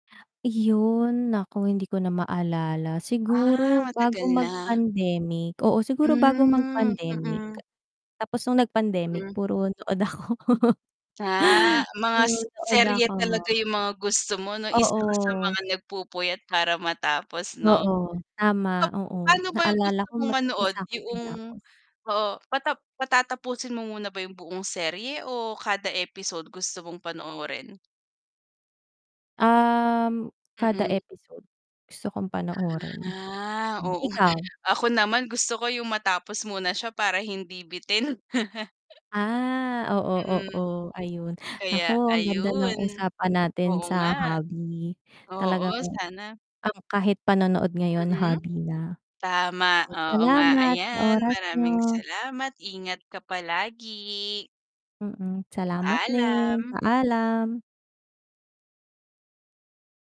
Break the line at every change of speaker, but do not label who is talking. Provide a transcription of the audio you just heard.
Iyon, naku hindi ko na maalala siguro
Ah,
bago
matagal na.
mag-pandemic, oo, siguro bago
Hmm,
mag-pandemic.
mm.
Tapos nung nag-pandemic
Hmm.
puro nood ako.
Ah, mga
Puro nood
serye
ako.
talaga yung mga gusto mo 'no, isa ka sa
Oo.
mga nagpupuyat para matapos 'no?
Oo, tama, oo.
Papaano ba
Naalala
gusto
ko
mong
may
manood
isa akong
yong
tinapos.
oo, patap patatapusin mo muna ba yung buong serye o kada episode gusto mong panoorin?
Um, kada
Mm.
episode gusto kong panoorin.
Ah,
Hmm,
oo.
ikaw?
Ako naman gusto ko yung matapos muna siya para hindi bitin.
Ah, oo,
Mm.
oo, ayun.
Kaya
Naku, ang ganda ng
ayun,
usapan natin
oo
sa
nga.
hobby.
Oo.
Talagang
sana.
ang kahit panonood ngayon,
Mm.
hobby na.
Tama,
Sige,
oo, nga,
salamat sa
ayan.
oras niyo.
Maraming salamat, ingat ka palagi.
Mm, salamat din.
Paalam.
Paalam.